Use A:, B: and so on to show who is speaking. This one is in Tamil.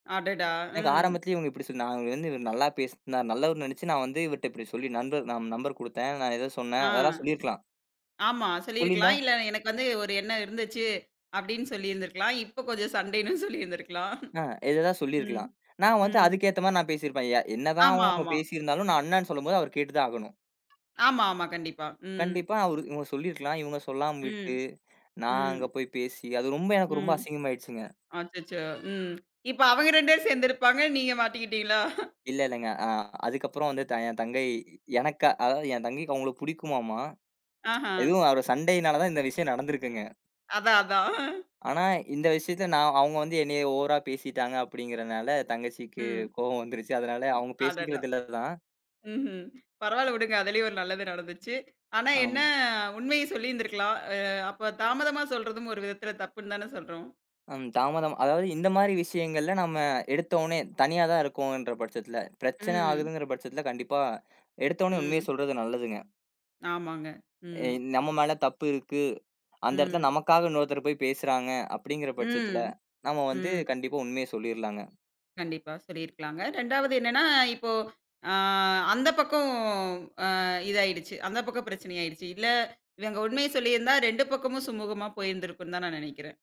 A: அடடா!
B: எனக்கு
A: ம்.
B: ஆரம்பத்துல இவங்க இப்டி சொல் நான் இவரு வந்து நல்லா பேசுனாரு நல்லவரு நினைச்சு, நான் வந்து இவர்ட்ட இப்டி சொல்லி நண்பர் நம்பர் கொடுத்தேன், நான் ஏதோ சொன்னேன்
A: ஆ.
B: அதெல்லாம் சொல்லிருக்கலாம்.
A: ஆமா,
B: சொல்லியிருந்தா
A: சொல்லியிருக்கலாம். இல்ல, எனக்கு வந்து ஒரு எண்ணம் இருந்துச்சு, அப்டின்னு சொல்லிருந்திருக்கலாம். இப்ப கொஞ்சம் சண்டைனும் சொல்லிருந்திருக்கலாம்.
B: அ ஏதேதோ
A: ம்.
B: சொல்லிருக்கலாம். நான் வந்து
A: ம்.
B: அதுக்கு ஏத்த மாரி நான் பேசிருப்பேன், என் என்னதான்
A: ஆமா,
B: அவங்க
A: ஆமா.
B: பேசிருந்தாலும், நான் அண்ணான்னு சொல்லும்போது அவரு கேட்டுதான் ஆகணும்.
A: ஆமா, ஆமா. கண்டிப்பா. ம்.
B: கண்டிப்பா. அவரு இவங்க சொல்லிருக்கலாம். இவங்க சொல்லாம விட்டு,
A: ம்,
B: நான் அங்க
A: ம்.
B: போய் பேசி, அது ரொம்ப, எனக்கு ரொம்ப
A: ம்.
B: அசிங்கமாயிடுச்சுங்க.
A: அச்சச்சோ! ம். இப்ப அவங்க 2 பேரும் சேர்ந்திருப்பாங்க, நீங்க மாட்டிகிட்டீங்களா?
B: இல்ல, இல்லங்க. ஆ, அதுக்கப்புறம் வந்து தங் என் தங்கை, எனக்கா அதாவது என் தங்கைக்கு அவங்கள பிடிக்குமாமா?
A: ஆஹ.
B: எதுவும் அவர் சண்டையினால தான் இந்த விஷயம் நடந்திருக்குங்க.
A: அதான், அதான்.
B: ஆனா, இந்த விஷயத்துல நான் அவங்க வந்து என்னைய ஓவரா பேசிட்டாங்க அப்டிங்கிறனால, தங்கச்சிக்கு
A: ம்.
B: கோவம் வந்துருச்சு, அதனால அவங்க
A: அடடா!
B: பேசிக்கிறது இல்ல தான்.
A: ம்ஹ்ம், பரவால்ல விடுங்க. அதுலயும் ஒரு நல்லது நடந்துச்சு. ஆனா என்ன,
B: ஆமா.
A: உண்மைய சொல்லிருந்திருக்கலாம். அ அப்ப தாமதமா சொல்றதும் ஒரு விதத்துல தப்புன்னு தான சொல்றோம்?
B: அம். தாமதமா, அதாவது, இந்த மாதிரி விஷயங்கள்ல நாம எடுத்தோன்னே தனியா தான் இருக்கோம்ன்ற பட்சத்துல, பிரச்சனை
A: ம்.
B: ஆகுதுங்கிற பட்சத்துல, கண்டிப்பா எடுத்தோன்னே உண்மைய
A: ம்.
B: சொல்றது நல்லதுங்க.
A: ஆமாங்க.
B: எ
A: ம்.
B: நம்ம மேல தப்பு இருக்கு, அந்த இடத்துல
A: ம்.
B: நமக்காக இன்னொருத்தர் போய் பேசுறாங்க, அப்படிங்கிற பட்சத்துல
A: ம்,
B: நாம வந்து
A: ம்.
B: கண்டிப்பா உண்மைய சொல்லிறலாங்க.
A: கண்டிப்பா. சொல்லிருக்கலாங்க. 2வது என்னன்னா, இப்போ, ஆ, அந்த பக்கம், ஆ இதாயிடுச்சு அந்த பக்கம் பிரச்சனை ஆயிடுச்சு. இல்ல, இவங்க உண்மைய சொல்லியிருந்தா 2 பக்கமும் சுமுகமா போயிருந்திருக்கும்னு தான் நான் நநெனைக்கிறேன்.